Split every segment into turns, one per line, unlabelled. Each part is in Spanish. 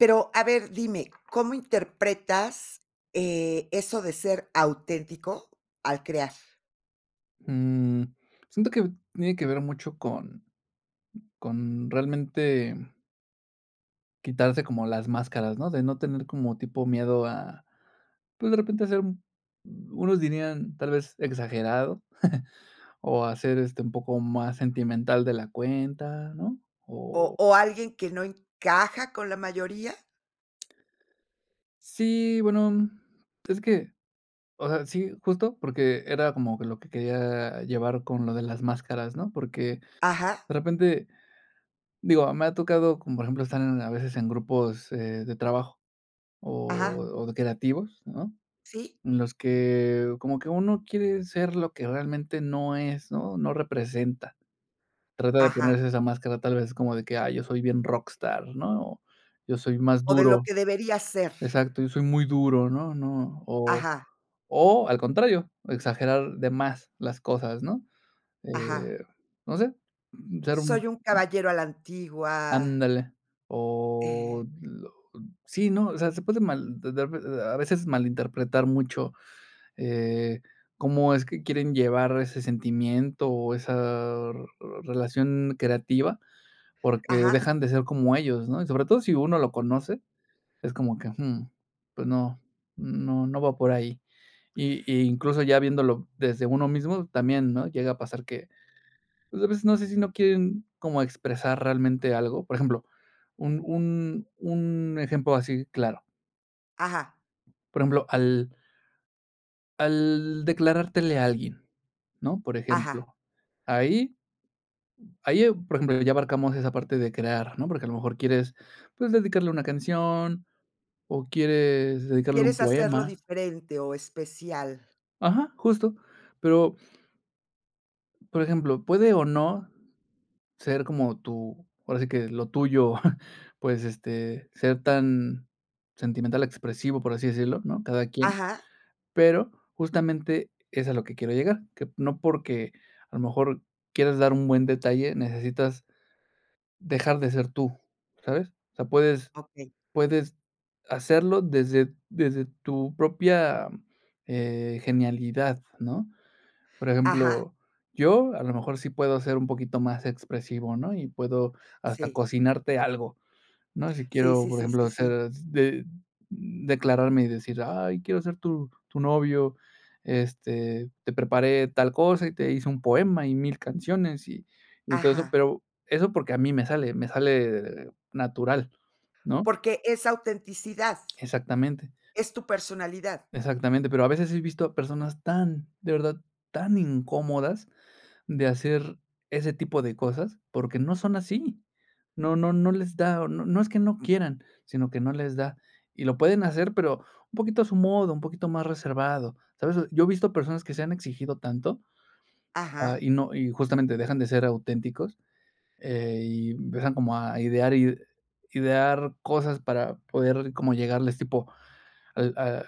Pero, a ver, dime, ¿cómo interpretas, eh, eso de ser auténtico al crear?
Mmm, siento que tiene que ver mucho con con realmente. Quitarse como las máscaras, ¿no?, de no tener como tipo miedo a, pues, de repente hacer un unos dirían, tal vez exagerado, o hacer, este, un poco más sentimental de la cuenta, ¿no?,
¿O
o
o alguien que no encaja con la mayoría?
Sí, bueno, es que o sea, sí, justo, porque era como que lo que quería llevar con lo de las máscaras, ¿no?, porque
Ajá.
de repente, digo, me ha tocado, como por ejemplo, estar en a veces en grupos, eh, de trabajo
Ajá.
o o de creativos, ¿no?,
Sí.
en los que como que uno quiere ser lo que realmente no es, ¿no?, no representa, trata de
Ajá.
ponerse esa máscara tal vez como de que, ah, yo soy bien rockstar, ¿no?, o, yo soy más
O de lo
duro,
que debería ser.
exacto, yo soy muy duro, ¿no no?, o
Ajá.
o al contrario, exagerar de más las cosas, ¿no?,
Ajá.
eh, no sé, ser un
Soy un caballero a la antigua.
ándale,
Eh.
o lo sí, no, o sea, se puede mal de-de a veces malinterpretar mucho, eh, cómo es que quieren llevar ese sentimiento o esa, relación creativa, porque
Ajá.
dejan de ser como ellos, ¿no?, y sobre todo si uno lo conoce, es como que, hum, pues no, no no va por ahí, y y incluso ya viéndolo desde uno mismo, también, ¿no?, llega a pasar que, pues, a veces no sé si no quieren como expresar realmente algo, por ejemplo, un un un ejemplo así claro.
Ajá.
Por ejemplo, al. Al declarártele a alguien, ¿no? Por
Ajá.
ejemplo, ahí. Ahí, ah, por ejemplo, ya abarcamos esa parte de crear, ¿no? Porque, a lo mejor, quieres, pues, dedicarle una canción, o quieres dedicarle un
Quieres hacerlo
poema.
diferente o especial.
Ajá, justo. Pero. Por ejemplo, puede o no ser como tú ahora sí que lo tuyo, pues, este, ser tan sentimental expresivo, por así decirlo, ¿no?, cada quien.
Ajá.
Pero, justamente, es a lo que quiero llegar, que no porque, a lo mejor, quieras dar un buen detalle, necesitas dejar de ser tú, ¿sabes? O sea, puedes
Okey.
puedes hacerlo desde desde tu propia, eh, genialidad, ¿no? Por
Ajá.
ejemplo, yo, a lo mejor, sí puedo ser un poquito más expresivo, ¿no? Y puedo hasta
Sí.
cocinarte algo, ¿no? Si
Sí,
quiero,
sí,
por
sí, sí,
ejemplo,
sí.
ser de declararme y decir: "Ay, quiero ser tu tu novio, este, te preparé tal cosa, y te hice un poema, y mil canciones, y y todo eso".
Ajá.
Pero eso, porque a mí me sale me sale natural, ¿no?
Porque es autenticidad.
Exactamente.
Es tu personalidad.
Exactamente. Pero, a veces, he visto a personas tan, de verdad, tan incómodas de hacer ese tipo de cosas, porque no son así. No no no les da o no no es que no quieran, sino que no les da, y lo pueden hacer, pero un poquito a su modo, un poquito más reservado, ¿sabes? Yo he visto personas que se han exigido tanto, ah,
Ajá.
y no y justamente, dejan de ser auténticos, eh, y empiezan como a idear id idear cosas para poder como llegarles, tipo: "Al ah,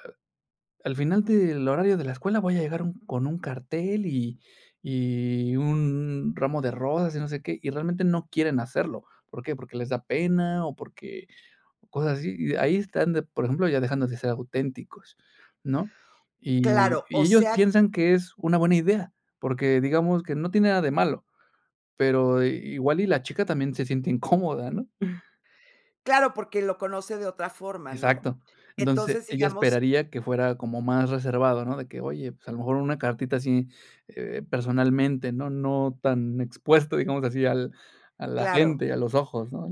al final del horario de la escuela voy a llegar un con un cartel y y un ramo de rosas, y no sé qué", y realmente no quieren hacerlo, ¿por qué? Porque les da pena o porque o cosas así. Y ahí están de por ejemplo, ya dejando de ser auténticos, ¿no? Y
Claro,
y
o
ellos
sea, que
piensan que es una buena idea, porque, digamos, que no tiene nada de malo, pero igual y la chica también se siente incómoda, ¿no?
Claro, porque lo conoce de otra forma, ¿no?
Exacto. Entonces,
Entonces,
ella
digamos
esperaría que fuera como más reservado, ¿no? De que: "Oye, pues, a lo mejor una cartita así, eh, personalmente, ¿no?, no tan expuesto, digamos, así al a la
Claro.
gente, a los ojos, ¿no?,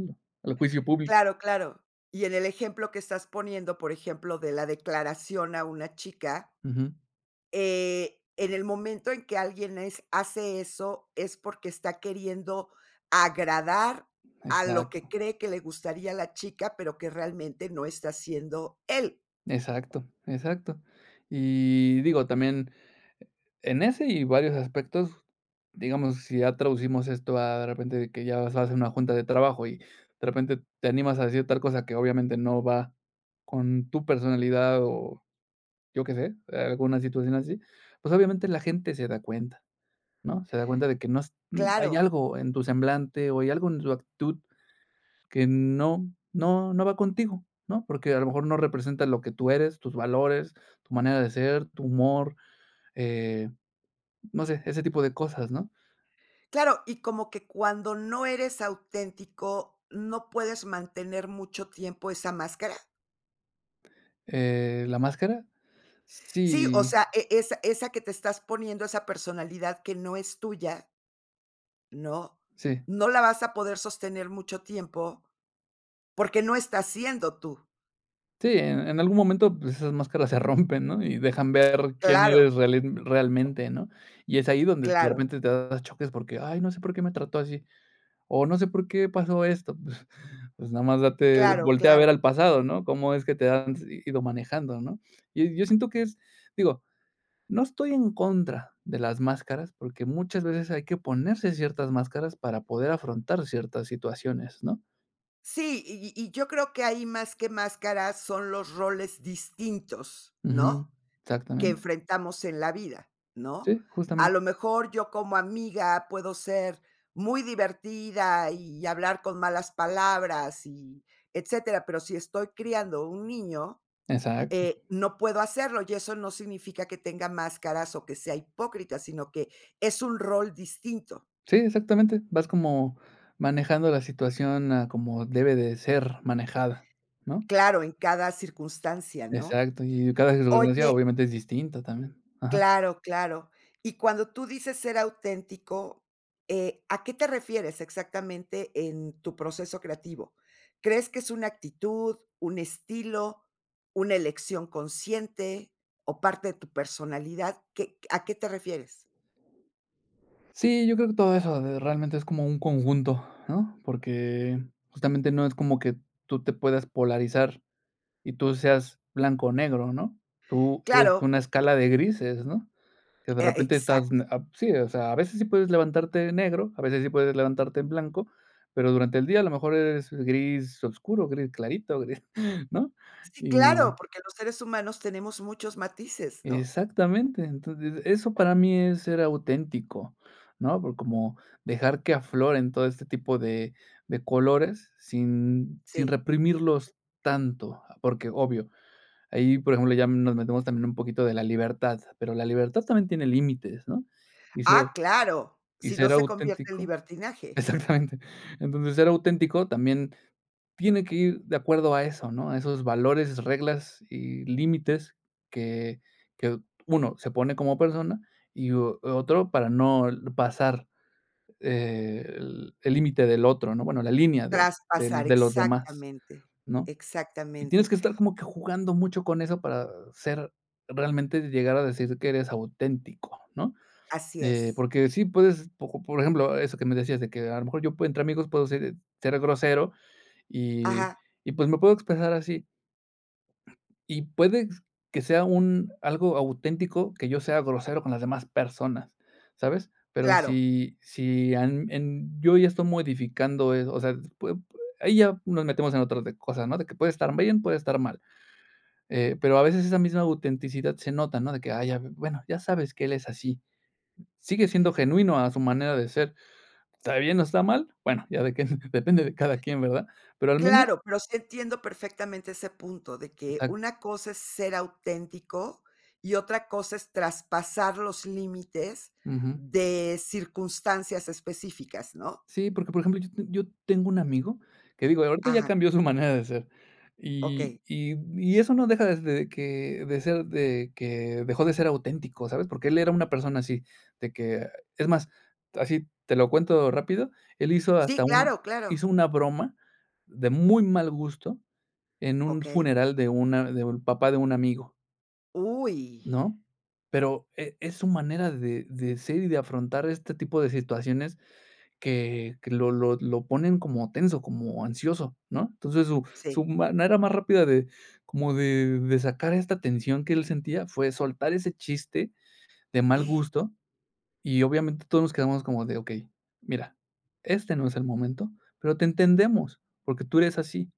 al juicio público".
Claro, claro. Y en el ejemplo que estás poniendo, por ejemplo, de la declaración a una chica.
Ujú.
Eh, en el momento en que alguien es hace eso, es porque está queriendo agradar a lo que
Exacto.
cree que le gustaría a la chica, pero que realmente no está siendo él.
Exacto, exacto. Y digo, también e en ese y varios aspectos, digamos, si ya traducimos esto a, de repente, de que ya vas a hacer una junta de trabajo y, de repente, te animas a decir tal cosa que, obviamente, no va con tu personalidad o yo qué sé, eh, alguna situación así. Pues, obviamente, la gente se da cuenta, ¿no? Se da cuenta de que no s hay
Claro.
algo en tu semblante o hay algo en tu actitud que no no no va contigo, ¿no? Porque, a lo mejor, no representa lo que tú eres, tus valores, tu manera de ser, tu humor, eh, no sé, ese tipo de cosas, ¿no?
Claro, y como que cuando no eres auténtico, no puedes mantener mucho tiempo esa máscara.
Eh, ¿la máscara?
Sí, o
Sí.
sea, e esa esa que te estás poniendo, esa personalidad que no es tuya. ¿No?,
Sí.
no la vas a poder sostener mucho tiempo, porque no estás siendo tú.
Sí, en en algún momento, pues, esas máscaras se rompen, ¿no? Y dejan ver quién eres
Claro.
reali realmente, ¿no? Y es ahí donde, de
Claro.
repente, te das choques porque: "Ay, no sé por qué me trató así. O no sé por qué pasó esto". Pues pues nada más date
Claro,
voltea a ver al
claro.
pasado, ¿no? Cómo es que te has ido manejando, ¿no? Yo yo siento que es digo, no estoy en contra de las máscaras, porque muchas veces hay que ponerse ciertas máscaras para poder afrontar ciertas situaciones, ¿no?
Sí, y y yo creo que ahí, más que máscaras, son los roles distintos,
Ujú,
¿no?, que
exactamente.
enfrentamos en la vida, ¿no?,
Sí,
a
justamente.
lo mejor, yo como amiga puedo ser muy divertida, y hablar con malas palabras, y etcétera, pero, si estoy criando un niño,
Exacto.
eh, no puedo hacerlo, y eso no significa que tenga máscaras, o que sea hipócrita, sino que es un rol distinto.
Sí, exactamente, vas como manejando la situación a como debe de ser manejada, ¿no?
Claro, en cada circunstancia, ¿no?,
Exacto, y cada circunstancia
oye
obviamente es distinta también. Ajá.
Claro, claro. Y cuando tú dices ser auténtico, eh, ¿a qué te refieres exactamente en tu proceso creativo? ¿Crees que es una actitud, un estilo, una elección consciente, o parte de tu personalidad? ¿Qué a qué te refieres?
Sí, yo creo que todo eso, eh, realmente es como un conjunto, ¿no?, porque justamente, no es como que tú te puedas polarizar, y tú seas blanco o negro, ¿no?, tú eres
¡Claro!
una escala de grises, ¿no?, que de
Eh, a
repente, estás
exacto.
n ab sí, o sea, a veces sí puedes levantarte de negro, a veces sí puedes levantarte en blanco, pero, durante el día a lo mejor, eres gris oscuro, gris clarito, gris, ¿no?,
Sí, claro,
y
porque los seres humanos tenemos muchos matices, ¿no?
Exactamente, entonces, eso para mí es ser auténtico, ¿no?, por como dejar que afloren todo este tipo de de colores sin sin
Sí.
reprimirlos tanto. Porque obvio, ahí por ejemplo, ya nos metemos también un poquito de la libertad, pero, la libertad también tiene límites, ¿no?, y ser
¡Ah, claro!,
y
si no
ser
se convierte en
auténtico.
libertinaje.
Exactamente. Entonces, ser auténtico también, tiene que ir de acuerdo a eso, ¿no?, a esos valores, reglas y límites que que uno se pone como persona, y, o otro para no l pasar, eh, el el límite del otro, ¿no?, bueno, la línea de del
Traspasar
de los demás,
exactamente,
¿no?, y tienes
exactamente.
que estar como que jugando mucho con eso, para ser realmente llegar a decir, que eres auténtico, ¿no?,
Así
eh,
es.
porque sí puedes, poco por ejemplo, eso que me decías, de que a lo mejor, yo puedo entre amigos puedo ser ser grosero y
Ajá.
y, pues, me puedo expresar así. Y puedes que sea un algo auténtico, que yo sea grosero con las demás personas, ¿sabes?, pero,
Claro.
si si han en yo ya estoy modificando eso, o sea, pue pue ahí ya nos metemos en otras de cosas, ¿no?, de que puede estar bien, puede estar mal. Eh, pero a veces esa misma autenticidad se nota, ¿no?, de que: "Ay ya, bueno, ya sabes que él es así". Sigue siendo genuino a su manera de ser, ¿está bien, o está mal?, bueno, ya de que depende de cada quien, ¿verdad?, pero al menos
Claro, pero sí entiendo perfectamente ese punto, de que
Exacto.
una cosa es ser auténtico, y otra cosa es traspasar los límites
Ujú.
de circunstancias específicas, ¿no?
Sí, porque por ejemplo yo s yo tengo un amigo, que digo ahorita ya
Ajá.
cambió su manera de ser y
Okey.
y, mm, y eso no deja de s que de ser de que dejó de ser auténtico, ¿sabes?, porque él era una persona así, de que es más así, te lo cuento rápido, él hizo
Sí,
hasta un
claro, claro.
hizo una broma, de muy mal gusto, en un
Okey.
funeral de una de un papá de un amigo.
¡Uy!
¿No? Pero e es su manera de de ser y de afrontar este tipo de situaciones, que que lo lo lo ponen como tenso, como ansioso, ¿no? Entonces su
Sí.
su manera más rápida de como de de sacar esta tensión que él sentía fue soltar ese chiste de mal gusto y obviamente todos nos quedamos como de okey, mira, este no es el momento, pero te entendemos, porque tú eres así,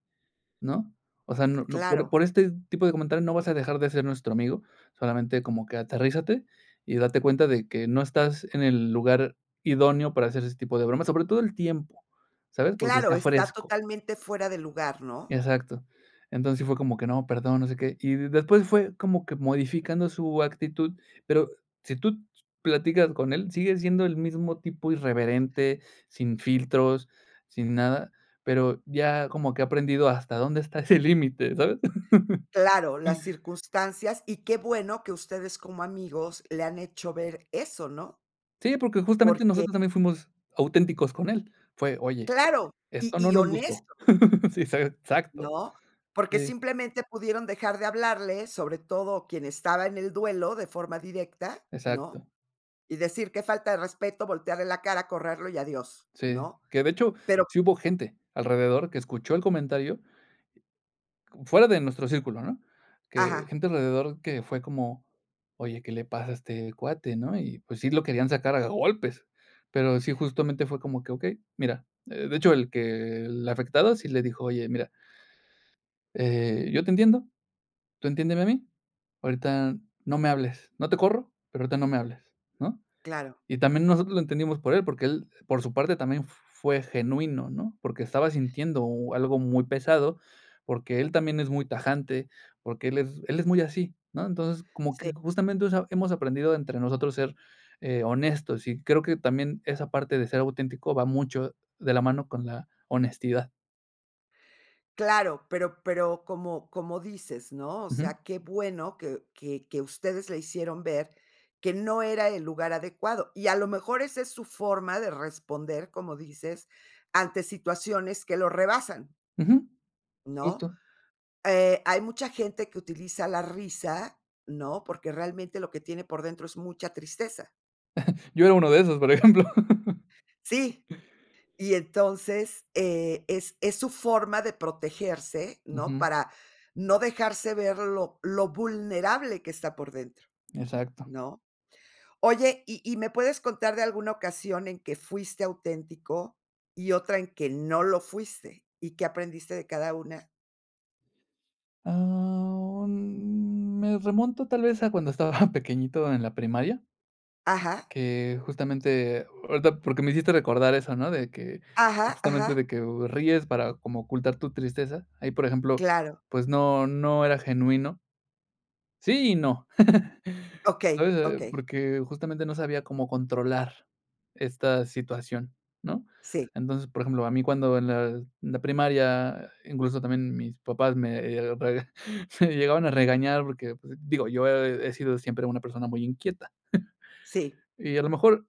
¿no? O sea, no no por
Claro.
por este tipo de comentario no vas a dejar de ser nuestro amigo, solamente como que aterrízate y date cuenta de que no estás en el lugar idóneo para hacer este tipo de bromas, sobre todo el tiempo, ¿sabes? Porque
Claro,
está
está
fresco.
totalmente fuera de lugar, ¿no?
Exacto. Entonces, sí fue como que no, perdón, no sé qué. Y y después fue como que modificando su actitud, pero si tú ts platicas con él, sigue siendo el mismo tipo irreverente, sin filtros, sin nada, pero ya como que ha aprendido hasta dónde está ese límite, ¿sabes?
Claro, las circunstancias y qué bueno que ustedes como amigos le han hecho ver eso, ¿no?
Sí, porque justamente
Porque
nosotros también fuimos auténticos con él. Fue: "Oye,
Claro, y
esto no
y
nos gustó".
honesto.
Sí, exa exacto.
¿No? Porque
Eh
simplemente pudieron dejar de hablarle, sobre todo quien estaba en el duelo de forma directa, ¿no?
Exacto.
Y decir: "Que falta de respeto", voltearle la cara, correrlo y adiós,
Sí,
¿no?
que, de hecho,
Pero
sí hubo gente alrededor que escuchó el comentario. Como fuera de nuestro círculo, ¿no? Que
Ajá.
gente alrededor que fue como: "Oye, ¿qué le pasa a este cuate, no?" Y, pues, sí lo querían sacar a golpes. Pero sí, justamente fue como que, okey, mira, eh, de hecho, el que el afectado sí le dijo, oye, mira. "Eh, yo te entiendo, tú entiéndeme a mí, ahorita no me hables, no te corro, pero ahorita no me hables", ¿no?
Claro.
Y también nosotros lo entendimos por él, porque él, por su parte, también f fue genuino, ¿no? Porque estaba sintiendo u algo muy pesado, porque él también es muy tajante, porque él es él es muy así, ¿no? Entonces, como
Sí.
que justamente, o sea, hemos aprendido entre nosotros ser, eh, honestos, y creo que también esa parte de ser auténtico va mucho de la mano con la honestidad.
Claro, pero pero como como dices, ¿no?, o
Uju.
sea, qué bueno que que que ustedes le hicieron ver que no era el lugar adecuado, y a lo mejor esa es su forma de responder, como dices, ante situaciones que lo rebasan.
Uju,
¿No?,
justo.
eh, hay mucha gente que utiliza la risa, ¿no?, porque realmente lo que tiene por dentro es mucha tristeza.
Yo era uno de esos, por ejemplo.
Si, y entonces, eh, es es su forma de protegerse, ¿no?,
Uju.
para no dejarse ver lo lo vulnerable que está por dentro,
Exacto.
¿no? Oye, ¿y y me puedes contar de alguna ocasión en que fuiste auténtico y otra en que no lo fuiste, y qué aprendiste de cada una?
Ah, mm, me remonto tal vez a cuando estaba pequeñito en la primaria.
Ajá.
Que justamente ahorita porque me hiciste recordar eso, ¿no?, de que
Ajá
justamente
ajá.
de que, eh, ríes para como ocultar tu tristeza, ahí, por ejemplo,
Claro.
pues no no era genuino. Sí y no,
Okey,
sabes,
okey.
porque justamente no sabía cómo controlar esta situación, ¿no?,
Sí.
entonces, por ejemplo, a mí cuando en la en la primaria, incluso también mis papás me eh rega me llegaban a regañar porque, digo, yo he sido siempre una persona muy inquieta,
Sí.
y a lo mejor,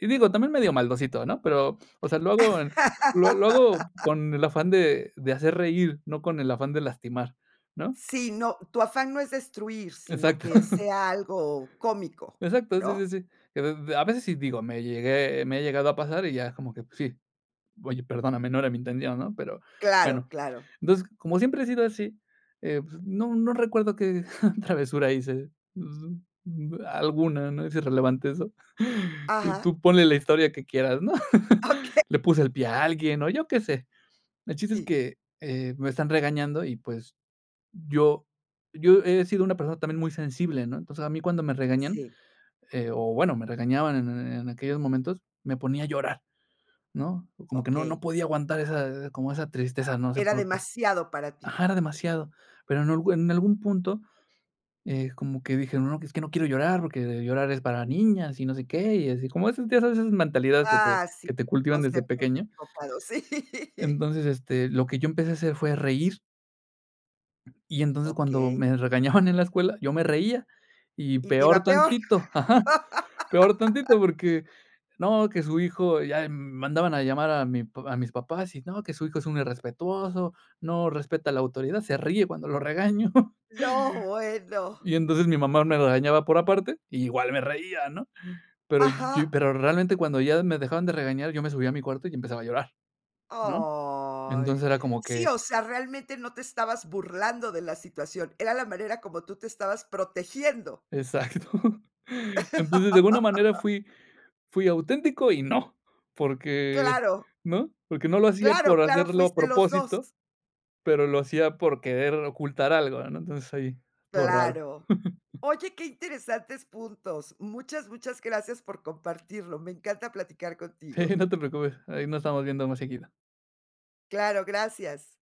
y digo, también medio maldosito, ¿no?, pero, o sea, lo hago en lo lo hago con el afán de de hacer reír, no con el afán de lastimar, ¿no?
Sí, no, tu afán no es destruir, sino
Exacto.
que sea algo cómico,
Exacto sí
¿no?
sí sí, y a d a veces sí digo me llegué me he llegado a pasar y ya es como que sí: "Oye perdóname no era mi intención", ¿no?, pero
Claro
bueno,
claro.
entonces como siempre he sido así, eh, pues no no recuerdo que travesura hice, alguna, ¿no?, es irrelevante eso,
Ajá.
tú ponle la historia que quieras, ¿no?,
Okey.
le puse el pie a alguien o yo qué sé, el chiste es
Sí.
que, eh, me están regañando y, pues, yo yo he sido una persona también muy sensible, ¿no?, entonces a mí cuando me regañan,
Sí.
eh, o bueno, me regañaban en en aquellos momentos, me ponía a llorar, ¿no?, como que no no
Okey.
podía aguantar esa, como esa tristeza, no sé
Era
por qué.
demasiado para ti.
Ajá, era demasiado, pero en en algún punto, eh como que dije, no, es que no quiero llorar, porque llorar es para niñas y no sé qué, y así como esas esas mentalidades que te
Ah sí,
que te cultivan desde
conceptos
pequeño.
equivocados. Sí.
Entonces, este, lo que yo empecé a hacer fue reír. Y entonces, cuando
Okey.
me regañaban en la escuela, yo me reía, y
Y te
peor
iba peor.
tantito, ajá, peor tantito porque no, que su hijo ya mandaban a llamar a mi pap a mis papás y no, que su hijo es un irrespetuoso, no respeta la autoridad, se ríe cuando lo regaño.
No, bueno.
Y entonces mi mamá me regañaba por aparte, y igual me reía, ¿no?, pero yo,
Ajá.
pero realmente cuando ya me dejaban de regañar yo me subía a mi cuarto y empezaba a llorar, ¿no?, entonces,
Ay,
era como
sí
que
o sea, realmente no te estabas burlando de la situación, era la manera como tú te estabas protegiendo.
Exacto, entonces, de alguna manera fui fui auténtico y no, porque,
Claro.
¿no?, porque no lo hacía
Claro
por
claro
hacerlo a
fuiste los dos.
propósito, pero lo hacía por querer ocultar algo, ¿no?, entonces ahí, estuvo raro.
Claro. Oye, qué interesantes puntos, muchas muchas gracias por compartirlo, me encanta platicar
Sí,
contigo.
no te preocupes, ahí nos estamos viendo más seguido.
Claro, gracias.